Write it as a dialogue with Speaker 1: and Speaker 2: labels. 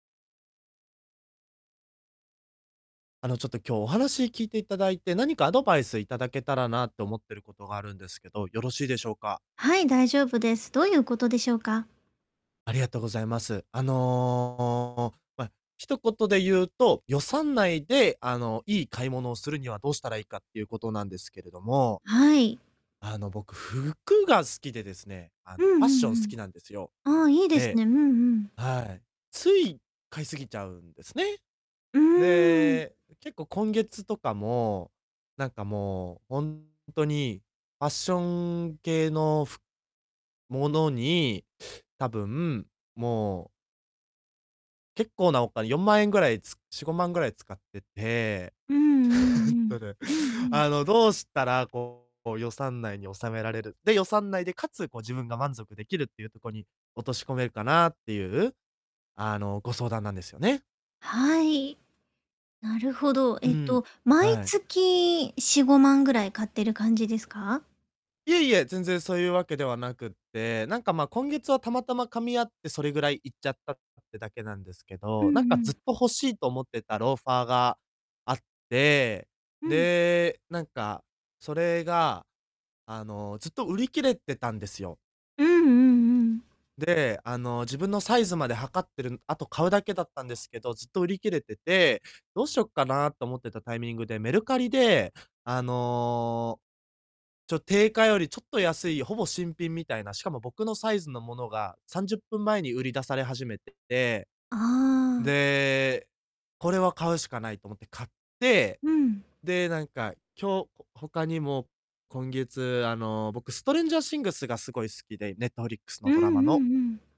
Speaker 1: あの、ちょっと今日お話聞いていただいて、何かアドバイスいただけたらなって思ってることがあるんですけど、よろしいでしょうか。
Speaker 2: はい、大丈夫です。どういうことでしょうか。
Speaker 1: ありがとうございます。あの、ま、一言で言うと、予算内で、あの、いい買い物をするにはどうしたらいいかっていうことなんですけれども
Speaker 2: はい。
Speaker 1: あの、僕服が好きでですね、あ
Speaker 2: う
Speaker 1: の、
Speaker 2: ん
Speaker 1: ファッ
Speaker 2: う
Speaker 1: ション好
Speaker 2: ん
Speaker 1: きなんですよ。
Speaker 2: うん。ああ、いいです
Speaker 1: で、
Speaker 2: ね。うんうん。
Speaker 1: はい、つい買い過ぎちゃうんですね。
Speaker 2: うーん。
Speaker 1: で、結構今月とかも、なんかもうほんっとにファッション系のふものに、多分もう結構なお金、4万円ぐらい、つ4、5万ぐらい使ってて、え
Speaker 2: うんう
Speaker 1: っ
Speaker 2: んう
Speaker 1: と
Speaker 2: ん。
Speaker 1: ね、
Speaker 2: うんうん。
Speaker 1: あの、どうしたらこう予算内に収められる、で、予算内でかつ、こう自分が満足できるっていうとこに落とし込めるかなっていう、あの、ご相談なんですよね。
Speaker 2: はい。なるほど。
Speaker 1: う
Speaker 2: えっ
Speaker 1: ん。
Speaker 2: と、毎
Speaker 1: はい。
Speaker 2: 月4、5万ぐらい買ってる感じですか？
Speaker 1: いえいえ、全然そういうわけではなくって、なんか、ま、今月はたまたま噛み合ってそれぐらいいっちゃったってだけなんですけ
Speaker 2: うん
Speaker 1: ど、なんか
Speaker 2: う
Speaker 1: ずっ
Speaker 2: ん。
Speaker 1: と欲しいと思ってたローファーがあって、
Speaker 2: うん。
Speaker 1: で、なんかそれが、あの、ずっと売り切れてたんですよ。
Speaker 2: うんうんうん。
Speaker 1: で、あの、自分のサイズまで測ってるんあと買うだけだったんですけど、ずっと売り切れてて、どうしよっかなと思ってたタイミングで、メルカリで、あの、ちょ定価よりちょっと安いほぼ新品みたいな、しかも僕のサイズのものが30分前に売り出され始めてて。
Speaker 2: ああ。
Speaker 1: で、これは買うしかないと思って買って、
Speaker 2: うん。
Speaker 1: で、なんか、今日、ほ他にも今月、あの、僕ストレンジャーシングスがすごい好きで、ネットフリックス
Speaker 2: う
Speaker 1: の
Speaker 2: んう
Speaker 1: ドラマ
Speaker 2: ん
Speaker 1: の
Speaker 2: うん。